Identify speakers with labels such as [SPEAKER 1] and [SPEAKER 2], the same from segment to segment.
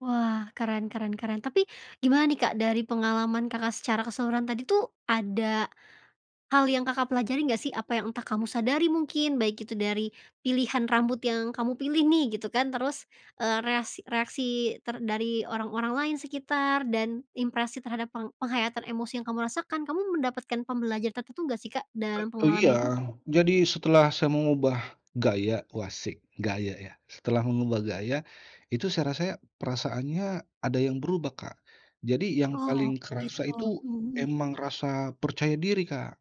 [SPEAKER 1] Wah, keren keren keren, tapi gimana nih, Kak, dari pengalaman Kakak secara keseluruhan tadi tuh, ada hal yang Kakak pelajari nggak sih? Apa yang entah kamu sadari mungkin baik itu dari pilihan rambut yang kamu pilih nih gitu kan, terus, eee, reas reaksi ter dari orang-orang lain sekitar dan impresi terhadap peng penghayatan emosi yang kamu rasakan, kamu mendapatkan pembelajaran tertentu gak sih, Kak, dalam
[SPEAKER 2] Eee, iya.
[SPEAKER 1] pengalaman itu?
[SPEAKER 2] Jadi setelah saya mengubah gaya wasik gaya ya, setelah mengubah gaya itu saya rasa perasaannya ada yang berubah, Kak. Jadi yang
[SPEAKER 1] Oh,
[SPEAKER 2] paling kerasa
[SPEAKER 1] gitu.
[SPEAKER 2] itu
[SPEAKER 1] Mhm mhm.
[SPEAKER 2] emang rasa percaya diri, Kak.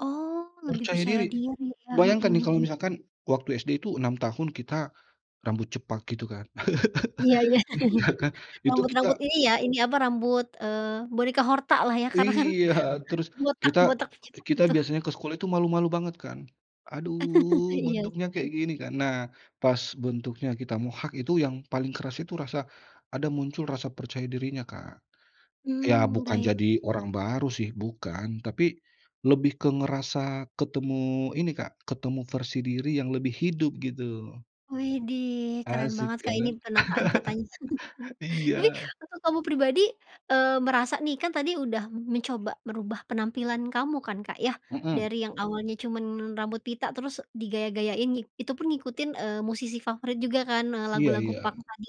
[SPEAKER 1] Oh, lebih
[SPEAKER 2] Percaya
[SPEAKER 1] percaya
[SPEAKER 2] diri.
[SPEAKER 1] diri ya.
[SPEAKER 2] Bayangkan
[SPEAKER 1] Mhm
[SPEAKER 2] nih kalau
[SPEAKER 1] Mhm.
[SPEAKER 2] misalkan waktu SD itu 6 tahun kita rambut cepak gitu kan.
[SPEAKER 1] Iya iya.
[SPEAKER 2] Iya kan, itu
[SPEAKER 1] Rambut-rambut
[SPEAKER 2] kita
[SPEAKER 1] ini ya, ini apa rambut, eee, boneka hortalah ya karena kan
[SPEAKER 2] Iya, terus kita
[SPEAKER 1] botak-botak cepak
[SPEAKER 2] kita
[SPEAKER 1] gitu.
[SPEAKER 2] biasanya ke sekolah itu malu-malu banget kan. Aduh
[SPEAKER 1] Iya
[SPEAKER 2] bentuknya kayak
[SPEAKER 1] sih.
[SPEAKER 2] gini kan, nah pas bentuknya kita mohak itu yang paling keras itu rasa, ada muncul rasa percaya dirinya, Kak. Ya
[SPEAKER 1] Mmm,
[SPEAKER 2] bukan
[SPEAKER 1] baik.
[SPEAKER 2] jadi orang baru sih bukan, tapi lebih ke ngerasa ketemu ini, Kak, ketemu versi diri yang lebih hidup gitu.
[SPEAKER 1] Widih keren
[SPEAKER 2] Asik
[SPEAKER 1] banget, Kak, ini
[SPEAKER 2] kan.
[SPEAKER 1] penataan katanya. Ini
[SPEAKER 2] Iya.
[SPEAKER 1] waktu kamu pribadi, eee, merasa nih kan tadi udah mencoba merubah penampilan kamu kan, Kak, ya,
[SPEAKER 2] Mhm.
[SPEAKER 1] dari yang awalnya cuman rambut pita terus digaya-gayain nih, itu pun ngikutin, eee, musisi favorit juga kan, nah
[SPEAKER 2] Iya
[SPEAKER 1] lagu-lagu
[SPEAKER 2] iya.
[SPEAKER 1] punk tadi.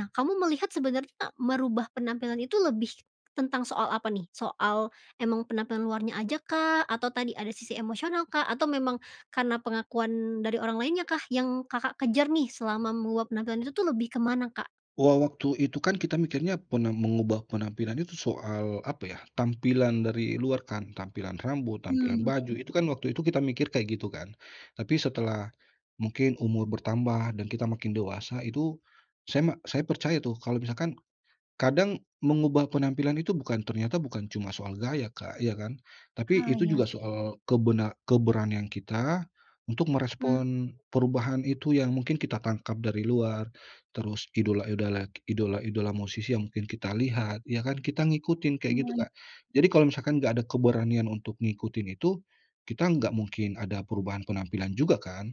[SPEAKER 1] Nah kamu melihat sebenarnya merubah penampilan itu lebih tentang soal apa nih? Soal emang penampilan luarnya ajakah? Atau tadi ada sisi emosional, Kak? Atau memang karena pengakuan dari orang lainnyakah yang Kakak kejar nih selama meluap penampilan itu tuh lebih ke mana, Kak?
[SPEAKER 2] Wa waktu itu kan kita mikirnya pena mengubah penampilan itu soal apa ya, tampilan dari luar kan, tampilan rambut, tampilan
[SPEAKER 1] Mmm,
[SPEAKER 2] baju,
[SPEAKER 1] baik.
[SPEAKER 2] itu kan waktu itu kita mikir kayak gitu kan. Tapi setelah mungkin umur bertambah dan kita makin dewasa, itu saya me saya percaya tuh kalau misalkan kadang mengubah penampilan itu bukan ternyata bukan cuma soal gaya, Kak, ya kan, tapi
[SPEAKER 1] Ah,
[SPEAKER 2] itu
[SPEAKER 1] iya
[SPEAKER 2] juga
[SPEAKER 1] sih.
[SPEAKER 2] soal kebena keberanian kita untuk
[SPEAKER 1] Hmm.
[SPEAKER 2] merespon perubahan itu yang mungkin kita tangkap dari luar, terus idola-idola idola-idola musisi yang mungkin kita lihat ya kan, kita ngikutin kayak gitu,
[SPEAKER 1] Semuai
[SPEAKER 2] Kak. Jadi kalau misalkan nggak ada keberanian untuk ngikutin itu, kita nggak mungkin ada perubahan penampilan juga kan.